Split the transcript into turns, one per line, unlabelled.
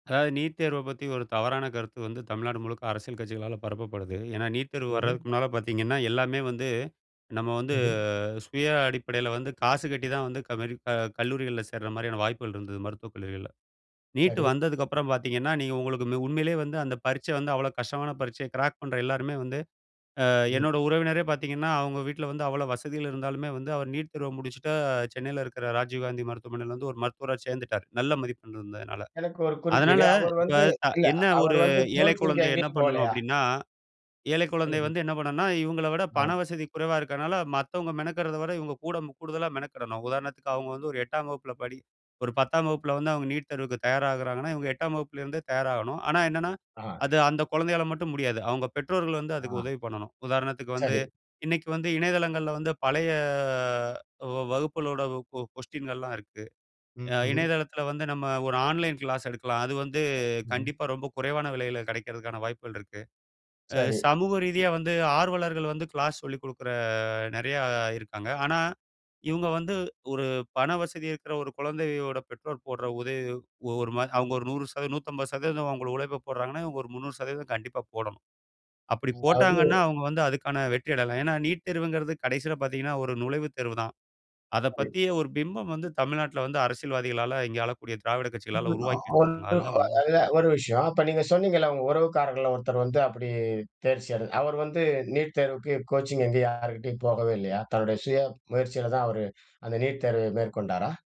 அதாவது நீட் தேர்வ பத்தி ஒரு தவறான கருத்து வந்து தமிழ்நாடு முழுக்க அரசியல் கட்சிகளால பரப்பப்படுது. ஏன்னா நீட் தேர்வு
ம்ஹ்ம்.
வரதுக்கு முன்னால பார்த்தீங்கன்னா, எல்லாமே வந்து நம்ம வந்து
ம்ஹ்ம்.
சுய அடிப்படையில வந்து காசு கட்டி தான் வந்து கமரிப்பா கல்லூரிகள்ல சேர்ற மாரியான வாய்ப்புகள் இருந்தது, மருத்துவக் கல்லூரிகள்ல. நீட்
சரி.
வந்ததுக்கப்பறம் பார்த்தீங்கன்னா, நீங்க உங்களுக்கு ம் உண்மையிலே வந்து அந்த பரீட்சை வந்து அவ்வளோ கஷ்டமான பரீட்சை. கிராக் பண்ணுற எல்லாருமே வந்து, அ
ம்.
என்னோட உறவினரே பார்த்தீங்கன்னா, அவங்க வீட்ல வந்து அவ்வளோ வசதிகள் இருந்தாலுமே வந்து அவர் நீட் தேர்வு முடிச்சுட்டு, சென்னையில இருக்கிற ராஜீவ்காந்தி மருத்துவமனையில வந்து ஒரு மருத்துவரா சேர்ந்துட்டார். நல்ல மதிப்பெண் இருந்ததுனால.
எனக்கு ஒரு
அதனால
குறுக்கீடு. அவரு
இப்ப
வந்து,
த
இல்ல
என்ன ஒரு
அவரு வந்து
ஏழை
கோச்சிங்
குழந்தை என்ன
எங்கயும்
பண்ணனும்
போகலையா?
அப்படீன்னா, ஏழை குழந்தை
ம்ஹ்ம்.
வந்து என்ன பண்ணனும்ன்னா இவங்கள விட பண
ஆ.
வசதி குறைவா இருக்கனால மத்தவங்க மெனக்கெடுறதை விட இவங்க கூட கூடுதலா மெனக்கெடணும். உதாரணத்துக்கு அவங்க வந்து ஒரு 8ஆம் வகுப்புல படி ஒரு 10ஆம் வகுப்பில வந்து அவங்க நீட் தேர்வுக்கு தயாராகுறாங்கன்னா, இவங்க 8ஆம் வகுப்பிலருந்தே தயாராகணும். ஆனா என்னன்னா,
ஆ.
அது அந்த குழந்தையால மட்டும் முடியாது. அவங்க பெற்றோர்கள் வந்து அதுக்கு
ஆ.
உதவி பண்ணணும். உதாரணத்துக்கு வந்து
சரி.
இன்னைக்கு வந்து இணையதளங்கள்ல வந்து பழைய வ வகுப்புகளோட ஒ கொ கொஸ்டீனல்லாம் இருக்கு. அ
ம்ஹ்ம்.
இணையதளத்தில வந்து நம்ம ஒரு ஆன்லைன் கிளாஸ் எடுக்கலாம். அது வந்து
ம்ஹ்ம்.
கண்டிப்பா ரொம்ப குறைவான விலையில கிடைக்கறதற்கான வாய்ப்புகள் இருக்கு. அ
சரி.
சமூக ரீதியா வந்து ஆர்வலர்கள் வந்து கிளாஸ் சொல்லிக் குடுக்கிற நெறையா இருக்காங்க. ஆனா இவுங்க வந்து ஒரு பண வசதி இருக்கிற ஒரு குழந்தையோட பெற்றோர் போடுற உதவி ஒரு மாரி அவங்க ஒரு 100 சத, 150% அவங்க உழைப்பை போடுறாங்கன்னா, இவங்க ஒரு 300% கண்டிப்பா போடணும். அப்படி போட்டாங்கன்னா
அதாவது
அவங்க வந்து அதுக்கான வெற்றிய அடையலாம். ஏன்னா நீட் தேர்வுங்கிறது கடைசியில பார்த்தீங்கன்னா, ஒரு நுழைவுத் தேர்வு தான். அத
சரி.
பத்திய ஒரு பிம்பம் வந்து தமிழ்நாட்டுல வந்து அரசியல்வாதிகளால, இங்க ஆளக்கூடிய திராவிட கட்சிகளால
[unintelligible] அ
உருவாக்கி வச்சுருக்காங்க. அதுதான் உண்மை.
ஒரு விஷயம். அப்ப நீங்க சொன்னீங்கல்ல, உங்க உறவுக்காரர்கள்ல ஒருத்தர் வந்து அப்படி தேர்ச்சியட, அவரு வந்து நீட் தேர்வுக்கு கோச்சிங் எங்கயும் யாருகிட்டயும் போகவே இல்லையா? தன்னுடைய சுய முயற்சியில தான் அவரு அந்த நீட் தேர்வை மேற்கொண்டாரா?